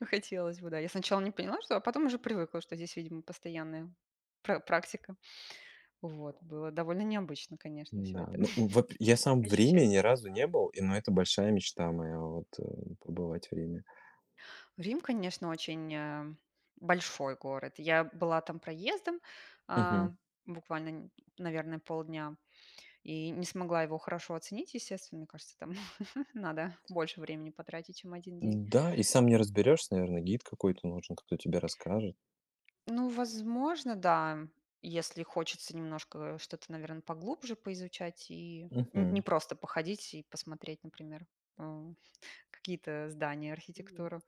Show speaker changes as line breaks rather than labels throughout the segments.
Хотелось бы, да, я сначала не поняла, что, а потом уже привыкла, что здесь, видимо, постоянная пра практика. Вот, было довольно необычно, конечно, всё
Да.
это
Ну, вот я сам в Риме
ощущать.
ни разу не был, и, ну, это большая мечта моя, в вот, э, побывать в Риме.
Рим, конечно, очень, э, большой город. Я была там проездом, а,
Мгм.
буквально, не наверное, полдня, и не смогла его хорошо оценить. Естественно, мне кажется, там надо больше времени потратить, чем 1 день.
Н-да, и сам не разберёшься, наверное, гид какой-то нужен, кто тебе расскажет.
Ну, возможно, да, если хочется немножко что-то, наверно, поглубже поизучать и н не
Мгм.
просто походить и посмотреть, например, э, какие-то здания, архитектуру.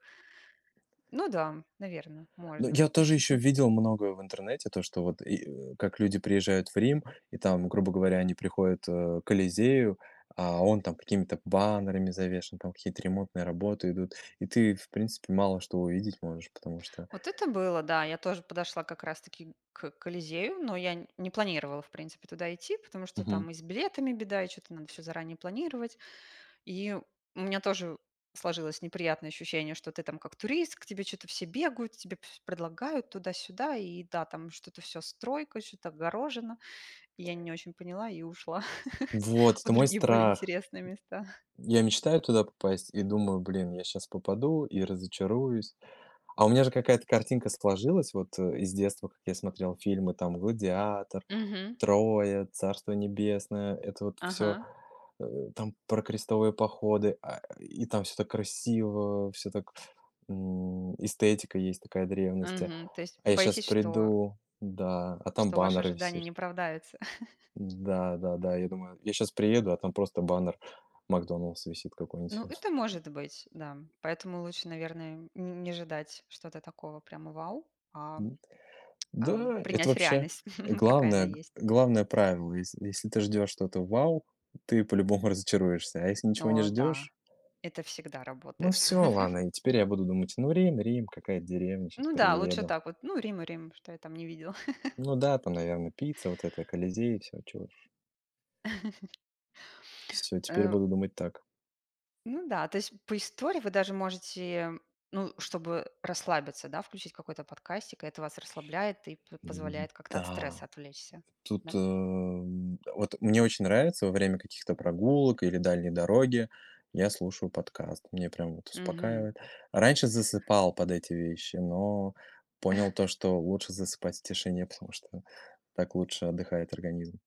Ну да, наверное,
Ну,
можно.
я тоже ещё видел многое в интернете, то, что вот, и, э, как люди приезжают в Рим, и там, грубо говоря, они приходят, а, к Колизею, а он там какими-то баннерами завешен, там какие-то ремонтные работы идут, и ты, в принципе, мало что увидеть можешь, потому что
Вот это было, да, я тоже подошла как раз таки к Колизею, но я не планировала, в принципе, туда идти, потому что
Мгм.
там и с билетами беда, и что-то надо всё заранее планировать. И у меня тоже сложилось неприятное ощущение, что ты там как турист, к тебе что-то все бегают, тебе всё предлагают туда-сюда, и, да, там что-то всё стройка, что-то огорожено. Я не очень поняла и ушла
Вот,
в
это мой
другие более
страх.
интересные места.
Я мечтаю туда попасть и думаю: "Блин, я щас попаду и разочаруюсь". А у меня же какая-то картинка сложилась вот, э, из детства, как я смотрел фильмы, там "Гладиатор",
Мгм.
"Троя", "Царство небесное", это вот всё,
Ага.
э, там про крестовые походы, а, и там всё так красиво, всё так, м, эстетика есть такая древности,
Мгм. То есть
а я сейчас
боитесь, что
приду, да, а там
что ваши
баннер
ожидания
висит.
не оправдаются?
Да, да, да, я думаю, я щас приеду, а там просто баннер "Макдональдс" висит какой-нибудь.
Ну, это может быть, да. Поэтому лучше, наверное, не не ожидать что-то такого прямо вау, а,
М, вот.
ам,
Да, это
принять
вообще
реальность, какая она
главное г
есть.
главное правило. Если если ты ждешь что-то вау, ты по-любому разочаруешься, а если ничего не
О да,
ждешь
это всегда
Ну,
работает.
всё, ладно, и теперь я буду думать: "Ну, Рим Рим, какая-то деревня, щас
Ну да, лучше
приеду".
так вот, ну, Рим и Рим, что я там не видела?
Ну да, там, наверно, пицца, вот это, Колизеи, всё, чего уж. Всё, теперь я
Э
буду думать так.
Ну да, то есть по истории вы даже можете, ну, чтобы расслабиться, да, включить какой-то подкастик, и это вас расслабляет, и п позволяет как-то от стресса
М-да.
отвлечься. Да?
Тут, эм, вот мне очень нравится во время каких-то прогулок или дальней дороги я слушаю подкаст. Меня прям вот
Мгм.
успокаивает. Раньше засыпал под эти вещи, но понял то, что лучше засыпать в тишине, потому что так лучше отдыхает организм.